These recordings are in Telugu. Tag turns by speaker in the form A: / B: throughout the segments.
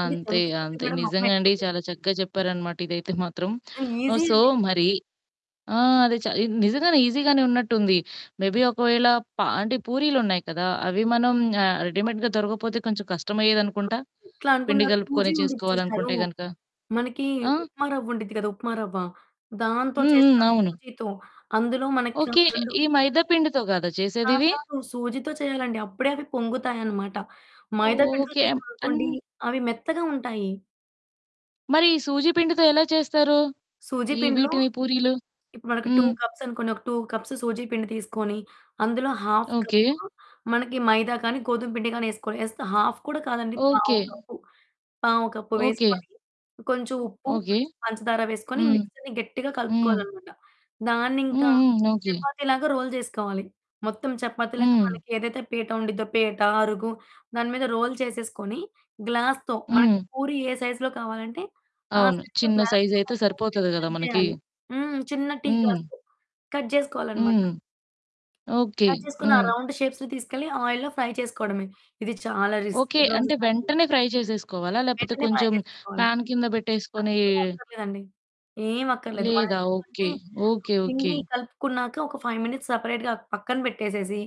A: అంటే,
B: అంతే,
A: జంకు ఫుడ్డు
B: అంతే.
A: గూడా మమ్మ
B: నిజంగా అండి
A: ఇంట్లో
B: చాలా
A: చేసేది
B: చక్కగా జెప్పారనమాట ఇదైతే మాత్రం.
A: ఆహ్,
B: ఓహ్!
A: ఈజీ
B: సో,
A: అండి.
B: మరి ఆ! అది చా ఇది నిజంగానే ఈజీగానే ఉన్నట్టుంది. మేబీ ఒకవేళ పా అంటే పూరీలు ఉన్నాయి కదా! అవి మనం ఆహ్, రెడీమేడ్‌గా
A: అమ్మో!
B: దొరకకపోతే కొంచెం కష్టమయ్యేదనుకుంటా
A: అది ఎట్లా
B: పిండి
A: అనుకున్నారు, సూజీ
B: గలుపుకొని
A: ఉండిద్ది చూశారు,
B: చేసుకోవాలనుకుంటే గనుక.
A: మనకి
B: ఆ!
A: ఉప్మా రవ్వుండిద్ది గదా! ఉప్మా రవ్వ, దాంతో
B: హ్మ్. హ్మ్.
A: చేస్తారు
B: అవును.
A: సూజీతో. అందులో మనకా
B: ఓకే.
A: 2
B: ఈ మైదా పిండితో గాదా
A: కాదు
B: చేసేదివి?
A: కాదు. సూజీతో చేయాలండి. అప్పుడే అవి పొంగుతాయనమాట. మైదా పిండితో
B: ఓకే. యమ్ అన్
A: చేశామనుకోండి, అవి మెత్తగా ఉంటాయి.
B: మరి ఈ సూజీ పిండితో ఎలా చేస్తారు,
A: సూజీ
B: ఈ
A: పిండిలో
B: వీటిని పూరీలు?
A: ఇప్పుడు మనకు 2
B: హ్మ్.
A: కప్స్ అనుకోండి, ఒక 2 కప్స్ సూజీ పిండి తీసుకొని అందులో ½ కప్పు,
B: ఓకే.
A: మనకి మైదా కానీ, గోధుమ పిండి గానీ, ఏసుకోవాలి. ఏస్తే ½ కూడా కాదండి పావు
B: ఓకే.
A: కప్పు పావు కప్పు
B: ఓకే. హ్మ్.
A: వేసుకొని, కొంచెం ఉప్పు,
B: ఓకే.
A: కొంచెం పంచదార వేసుకొని ఈ
B: హ్మ్.
A: మిక్స్‌చర్‌ని గట్టిగా
B: హ్మ్.
A: కలుపుకోవాలనమాట.
B: హ్మ్.
A: దాన్నింకా
B: హ్మ్. ఓకే.
A: చపాతీలాగా రోల్ జేసుకోవాలి. మొత్తం చపాతీలాగా
B: హ్మ్.
A: మనకేదైతే పీట ఉండిద్దో పీట, అరుగు దాని మీద రోల్ చేసేసుకొని గ్లాస్‌తో మనకి
B: హ్మ్.
A: పూరి ఏ సైజ్‌లో కావాలంటే ఆ
B: అవును.
A: సైజ్‌లో
B: చిన్న
A: గ్లాస్‌తో
B: సైజయితే
A: కలిపేసి పెట్టి
B: సరిపోతది గదా!
A: కట్
B: మనకి.
A: జేయాలి. హ్మ్. చిన్న టీ
B: హ్మ్.
A: గ్లాస్‌తో కట్ జేసుకోవాలనమాట.
B: హ్మ్. ఓకే.
A: కట్ చేసుకున్న ఆ
B: హ్మ్.
A: రౌండ్ షేప్స్‌ని తీసుకెళ్ళి ఆయిల్‌లో ఫ్రై చేసుకోవడమే. ఇది చాలా రిస్కీ
B: ఓకే. అంటే,
A: ప్రాసెస్ అండి.
B: వెంటనే ఫ్రై చేసేసుకోవాలా? లేపోతే,
A: వెంటనే ఫ్రై
B: కొంచెం
A: జేసేసుకోవాలి.
B: ఫ్యాన్ కింద బెట్టేసుకొని
A: అట్లేం అక్కర్లేదండి. ఏం అక్కర్లేదు.
B: లేదా.
A: మరేందుకంటే
B: ఓకే.
A: ఆ
B: ఓకే, ఓకే.
A: పిండి కలుపుకున్నాక, ఒక 5 మినిట్స్ సెపరేట్‌గా పక్కన బెట్టేసేసి,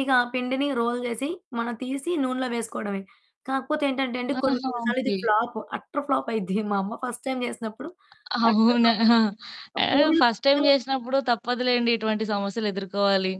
A: ఇక ఆ పిండిని రోల్ జేసి మనం తీసి నూనెలో వేసుకోవడమే. కాకపోతే ఏంటంటేండి కొన్ని,
B: ఆహా!
A: కొన్నిసార్లు ఇది
B: ఓకే.
A: ఫ్లాప్, అట్టర్ ఫ్లాప్ అయ్యిద్ది. మా అమ్మ ఫస్ట్ టైమ్ జేసినప్పుడు అట్టర్
B: అవునా!
A: ఫ్లాప్ అనమాట. ఆ
B: ఆహ్,
A: పూరీలు
B: ఫస్ట్ టైమ్
A: పొంగలేదు.
B: జేసినప్పుడు తప్పదులెండి ఇటువంటి సమస్యలు ఎదుర్కోవాలి.